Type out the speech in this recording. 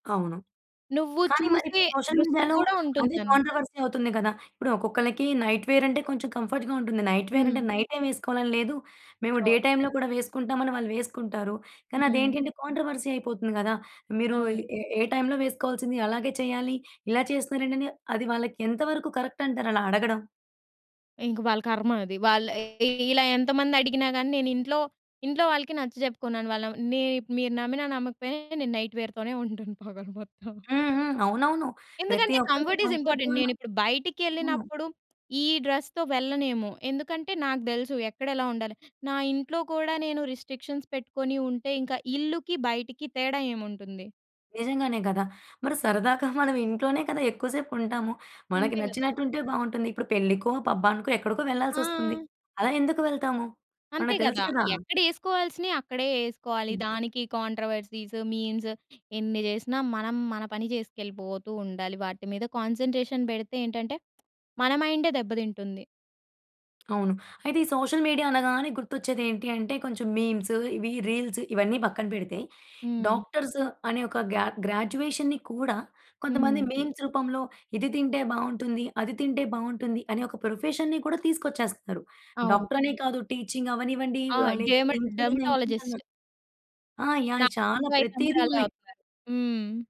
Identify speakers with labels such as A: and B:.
A: అవును.
B: నువ్వు
A: కానీ
B: చూసే
A: మరిప్పుడు సోషల్
B: దృష్టి
A: మీడియాలో
B: కూడా
A: అదే
B: ఉంటుందన్ను.
A: కాంట్రవర్సీ అవుతుంది గదా! ఇప్పుడు ఒక్కొక్కళ్ళకీ, నైట్ వేరంటే, కొంచెం కంఫర్ట్‌గా ఉంటుంది. నైట్ వేరంటే,
B: హ్మ్.
A: నైట్ టైమ్ వేసుకోవాలని లేదు, మేము
B: ఆ!
A: డే టైమ్‌లో కూడా వేసుకుంటాం, అని వాళ్ళు వేసుకుంటారు.
B: హ్మ్.
A: కానదేంటి అంటే, కాంట్రవర్సీ అయిపోతుంది గదా! మీరు
B: అవును.
A: ఏ, ఏ టైమ్‌లో వేసుకోవాల్సింది అలాగే చేయాలి, ఇలా చేస్తున్నారేంటని, అది వాళ్ళకెంత వరకు కరెక్టంటారు అలా అడగడం?
B: ఇంక వాళ్ళ కర్మ అది. వాళ్ళు ఏ ఇ ఇలా ఎంత మందడిగినా గాని నేనింట్లో, ఇంట్లో వాళ్ళకి నచ్చ చెప్పుకున్నాను. వాళ్ళం నేనిప్ మీరు నమ్మినా నమ్మకపోయినా, నేను నైట్ వేర్‌తోనే ఉంటాను పగలు మొత్తం.
A: హ్మ్. హ్మ్. అవునవును. ప్రతి
B: ఎందుకంటే,
A: ఒక్కరికి
B: కంఫర్ట్ ఈజ్
A: కంఫర్ట్
B: ఇంపార్టెంట్
A: జోనా
B: నేనిప్పుడు
A: అవును.
B: బైటికెళ్ళినప్పుడు ఈ డ్రస్‌తో వెళ్ళనేమో! ఎందుకంటే, నాకు దెలుసు ఎక్కడెలా ఉండాలి. నా ఇంట్లో కూడా, నేను రిస్ట్రిక్షన్స్ పెట్టుకొని ఉంటే, ఇంక ఇళ్ళుకి, బైటికి తేడా ఏముంటుంది?
A: నిజంగానే గదా! మరి సరదాగా మనం ఇంట్లోనే కదా ఎక్కువ సేపుంటాము. మనకి
B: అంతే గదా!
A: నచ్చినటుంటే బావుంటుంది. ఇప్పుడు పెళ్ళికో, పబ్బానికో, ఎక్కడికో వెళ్ళాల్సొస్తుంది.
B: ఆ!
A: అలా ఎందుకు వెళ్తాము?
B: అంతే
A: మనకు తెలుసు
B: గదా!
A: కదా!
B: ఎక్కడేస్కోవాల్సినియి, అక్కడే యేస్కోవాలి.
A: హ్మ్.
B: దానికి కాంట్రోవర్సీస్, మీమ్స్ ఎన్ని జేసినా, మనం మన పని జేస్కెళ్ళిపోతూ ఉండాలి. వాటి మీద కాన్సంట్రేషన్ బెడితే ఏంటంటే మన మైండే దెబ్బతింటుంది.
A: అవును. అయితే ఈ సోషల్ మీడియా అనగానే, గుర్తొచ్చేదేంటి అంటే, కొంచెం మీమ్స్, ఇవీ రీల్స్, ఇవన్నీ పక్కన పెడితే,
B: హ్మ్.
A: డాక్టర్స్ అనే ఒక గ్యా గ్రాడ్యుయేషన్‌ని కూడా, కొంతమంది
B: హ్మ్.
A: మీమ్స్ రూపంలో ఇది తింటే బావుంటుంది, అది తింటే బావుంటుంది, అనే ఒక ప్రొఫెషన్‌ని కూడా తీసుకొచ్చేస్తున్నారు.
B: అవును.
A: డాక్టరనే కాదు టీచింగవ్వనివ్వండీ
B: ఆ!
A: ఆహ్, లేక
B: డెమడ్
A: ఇంకేదన్నా, ఇంకేదన్నా.
B: డర్మిటాలజిస్టు.
A: ఆ! యాహ్! అయి
B: నాకు
A: చాలా ప్రతీది ఉన్నాయి.
B: [unintelligible] హ్మ్.